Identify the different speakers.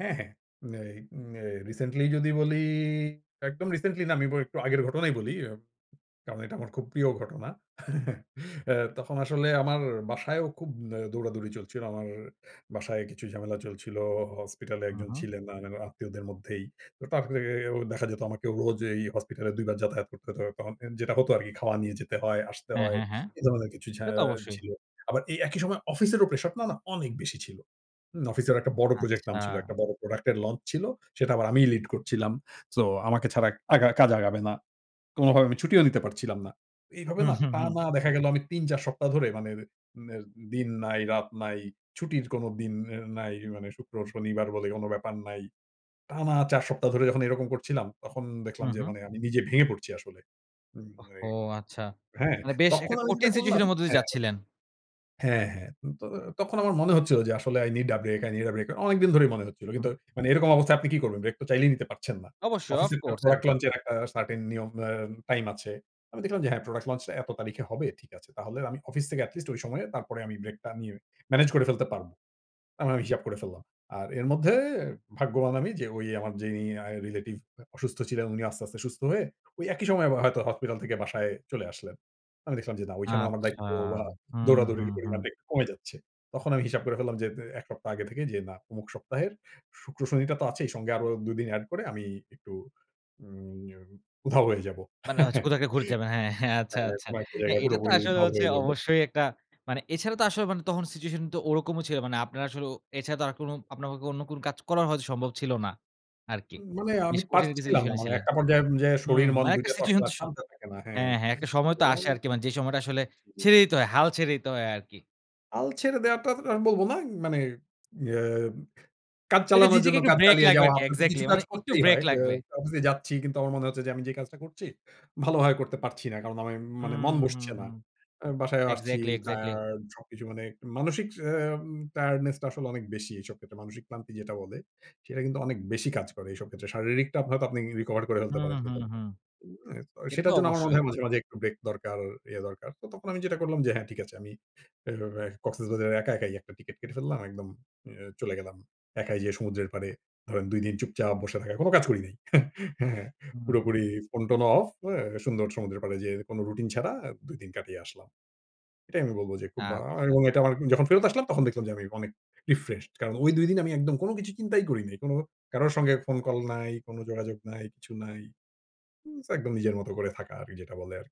Speaker 1: হ্যাঁ, হ্যাঁ, ম্যাই ম্যাই recently যদি বলি একদম recently না আমি বলি একটু আগের ঘটনাই বলি, ইয়াপ কারণ এটা আমার খুব প্রিয় ঘটনা। অ্যা তখন আসলে আমার বাসায়ও খুব আ দৌড়াদৌড়ি চলছিল। আমার বাসায় কিছু ঝামেলা চলছিল। হসপিটালে
Speaker 2: হু,
Speaker 1: একজন
Speaker 2: হুম।
Speaker 1: ছিলেন না, না আত্মীয়দের মধ্যেই। তো তার থেকেও দেখা যেত আমাকে রোজ এই হসপিটালে ২ বার যাতায়াত করতে হতো তখন, অ্যা যেটা হতো আরকি খাওয়া নিয়ে যেতে হয়, আসতে
Speaker 2: হ্যাঁ,
Speaker 1: হয়
Speaker 2: হ্যাঁ, হ্যাঁ,
Speaker 1: এ ধরনের কিছু ঝা
Speaker 2: সে তো অবশ্যই।
Speaker 1: ছিলো, আবার এই একই সময় অফিসেরও প্রেশার না, না অনেক বেশি ছিল। হু, অফিসেরও একটা বড় প্রজেক্ট নামছিল।
Speaker 2: আচ্ছা।
Speaker 1: একটা বড় প্রোডাক্ট এর launch ছিল। সেটা আবার আমিই লিড করছিলাম। সো আমাকে ছাড়া আগা কাজ আগাবে না। কোনোভাবে আমি ছুটিও নিতে পারছিলাম না। এইভাবে
Speaker 2: হু,
Speaker 1: না
Speaker 2: হু, হুম।
Speaker 1: টানা দেখা গেলো আমি ৩ ৪ সপ্তাহ ধরে মানে, অ্যা রে নের দিন নাই রাত নাই, ছুটির কোন দিন অ্যা নাই, মানে শুক্রবার, শনিবার বলে কোন ব্যাপার নাই। টানা ৪ সপ্তাহ ধরে যখন এরকম করছিলাম তখন
Speaker 2: হু,
Speaker 1: দেখলাম যে,
Speaker 2: হুম।
Speaker 1: মানে আমি নিজে ভেঙে পড়ছি আসলে। উম
Speaker 2: ওহ ও
Speaker 1: এই
Speaker 2: আচ্ছা,
Speaker 1: হ্যাঁ,
Speaker 2: মানে বেশ
Speaker 1: তখন
Speaker 2: একটা
Speaker 1: আমি যেটা
Speaker 2: কঠিন situation
Speaker 1: করলাম
Speaker 2: এর মধ্যে দিয়ে
Speaker 1: হ্যাঁ।
Speaker 2: যাচ্ছিলেন?
Speaker 1: হ্যাঁ, হ্যাঁ। তো তখন আমার মনে হচ্ছিল যে, আসলে i need a break, i need a break, অনেকদিন ধরেই মনে হচ্ছিল। কিন্তু
Speaker 2: হুম।
Speaker 1: মানে এরকম অবস্থায় আপনি কি করবেন? ব্রেক তো চাইলেই নিতে পারছেন না?
Speaker 2: অবশ্যই of
Speaker 1: অফিসের একটা
Speaker 2: course
Speaker 1: product
Speaker 2: [unintelligible]
Speaker 1: launch এর একটা certain নিয়ম অ্যা টাইম আছে। আমি দেখলাম যে, হ্যাঁ, product launch টা এত তারিখে হবে ঠিক আছে। তাহলে আমি অফিস থেকে এটি লিস্ট ঐ সময়ে তারপরে আমি ব্রেকটা নিয়ে, মেনেজ করে ফেলতে পারব। আমি হিসাব করে ফেললাম। আর এর মধ্যে ভাগ্যবান আমি যে, ঐ আমার যিনি আ রিলেটিভ আ অসুস্থ ছিলেন উনি আস্তে, আস্তে সুস্থ হয়ে ওই একই সময় আবার হয়তো হাসপাতাল থেকে বাসায় চলে আসলেন। আমি দেখলাম যে, না ঐখানেও আমার
Speaker 2: আচ্ছা,
Speaker 1: দায়িত্ব বা
Speaker 2: হু, হু,
Speaker 1: দৌড়াদৌড়ির
Speaker 2: হুম।
Speaker 1: পরিমাণটা একটু কমে যাচ্ছে। তখন আমি হিসাব করে ফেললাম যে, তে ১ সপ্তাহ আগে থেকেই যে, না ওমুক সপ্তাহের শুক্র, শনিটা তো আছেই সঙ্গে আরও ২ দিন এড করে আমি একটু উম এউ উধাও হয়ে যাবো।
Speaker 2: মানে হচ্ছে কোথা কে ঘুরতে যাবেন, হ্যাঁ, হ্যাঁ, আচ্ছা,
Speaker 1: হ্যাঁ,
Speaker 2: আচ্ছা।
Speaker 1: কোন একটা
Speaker 2: হ্যাঁ,
Speaker 1: জায়গায়
Speaker 2: এটা তো
Speaker 1: পুরোপুরি
Speaker 2: আসলে
Speaker 1: উধাও
Speaker 2: হচ্ছে
Speaker 1: হয়ে যাব।
Speaker 2: অবশ্যই একটা মানে এছাড়াও তো আসলে মানে তখন situation তো ওরকমও ছিলো, মানে আপনারা আসলে ও এছাড়া তো আর কোন আপনাদের অন্য কোন কাজ করা হয়তো সম্ভব ছিল না আরকি।
Speaker 1: মানে আমি
Speaker 2: বেশ কঠিন কিছু
Speaker 1: পারছিলাম না,
Speaker 2: সিচুয়েশনে এ
Speaker 1: মানে
Speaker 2: ছিলেন।
Speaker 1: একটা পর্যায় অনুজায়
Speaker 2: হু,
Speaker 1: শরীর,
Speaker 2: হু,
Speaker 1: মন
Speaker 2: মানে
Speaker 1: ২
Speaker 2: একটা
Speaker 1: টা তো
Speaker 2: সিচুয়েশন
Speaker 1: আসলে
Speaker 2: তো সো
Speaker 1: শান্ত থাকে না, হ্যাঁ,
Speaker 2: হ্যাঁ, হ্যাঁ, একটা সময় তো
Speaker 1: এবং
Speaker 2: আসে আরকি মানে যে, সময়টা আসলে
Speaker 1: জি।
Speaker 2: ছেড়ে দিতে হয় হাল ছেড়ে দিতে হয় আরকি।
Speaker 1: হাল ছেড়ে দেওয়াটা তা আমি বলবো না। মানে ইয়া কাজ
Speaker 2: ঐ যে,
Speaker 1: চালানোর
Speaker 2: নিজেকে
Speaker 1: জন্য
Speaker 2: একটু
Speaker 1: কাজ
Speaker 2: ব্রেক
Speaker 1: চালিয়ে
Speaker 2: লাগবে
Speaker 1: যাওয়া
Speaker 2: আর কি
Speaker 1: তো
Speaker 2: exactly
Speaker 1: কিছুটা কাজ
Speaker 2: মানে একটু
Speaker 1: করতেই
Speaker 2: ব্রেক
Speaker 1: হয়। অ্যা
Speaker 2: লাগবে।
Speaker 1: অফিসে যাচ্ছি কিন্তু আমার মনে হচ্ছে যে, আমি যে, কাজটা করছি, ভালোভাবে করতে পারছি না। কারণ আমার মানে
Speaker 2: হুম,
Speaker 1: মন
Speaker 2: হুম,
Speaker 1: বসছে না।
Speaker 2: হুম,
Speaker 1: অ্যা বাসায় আসছি,
Speaker 2: exactly, exactly.
Speaker 1: টায়ার্ড সবকিছু মানে মানসিক অ্যাম tiredness টা আসলে অনেক বেশি এইসব ক্ষেত্রে। মানসিক ক্লান্তি যেটা বলে। সেটা কিন্তু অনেক বেশি কাজ করে এইসব ক্ষেত্রে। শারীরিকটা আপ আপনি হয়তো আপনিই recover করে ফেলতে
Speaker 2: হুম,
Speaker 1: পারেন কিন্তু
Speaker 2: হুম, হুম,
Speaker 1: [unintelligible]
Speaker 2: এটা তো
Speaker 1: সেটার জন্য আমার মনে
Speaker 2: অবশ্যই।
Speaker 1: হয় মাঝে, মাঝে একটু ব্রেক দরকার ইয়ে দরকার। তো তখন আমি যেটা করলাম যে, হ্যাঁ, ঠিক আছে। আমি অ্যা কক্সেস বাজারে একা একাই যাব একটা টিকেট কেটে ফেললাম। একদম অ্যা চলে গেলাম। একাই যেয়ে সমুদ্রের পাড়ে ধরেন ২ দিন চুপচাপ বসে থাকা। কোন কাজ করি নাই। হ্যাঁ,
Speaker 2: হুম, হুম।
Speaker 1: পুরোপুরি ফোন-টোন অফ অ্যা সুন্দর সমুদ্রের পাড়ে যেয়ে কোন রুটিন ছাড়া আ ২ দিন কাটিয়ে আসলাম। এটাই আমি বলব যে, খুব বা আমি
Speaker 2: আচ্ছা।
Speaker 1: এবং এটা যখন ফেরত আসলাম তখন দেখলাম যে, আমি অনেক refreshed কারণ ওই ২ দিন আমি একদম কোন কিছু চিন্তাই করি নাই। কারো সঙ্গে ফোন কল নাই, কোনো যোগাযোগ নাই, কিছু নাই, উম একদম নিজের মতো করে থাকা আরকি, যেটা বলে আরকি।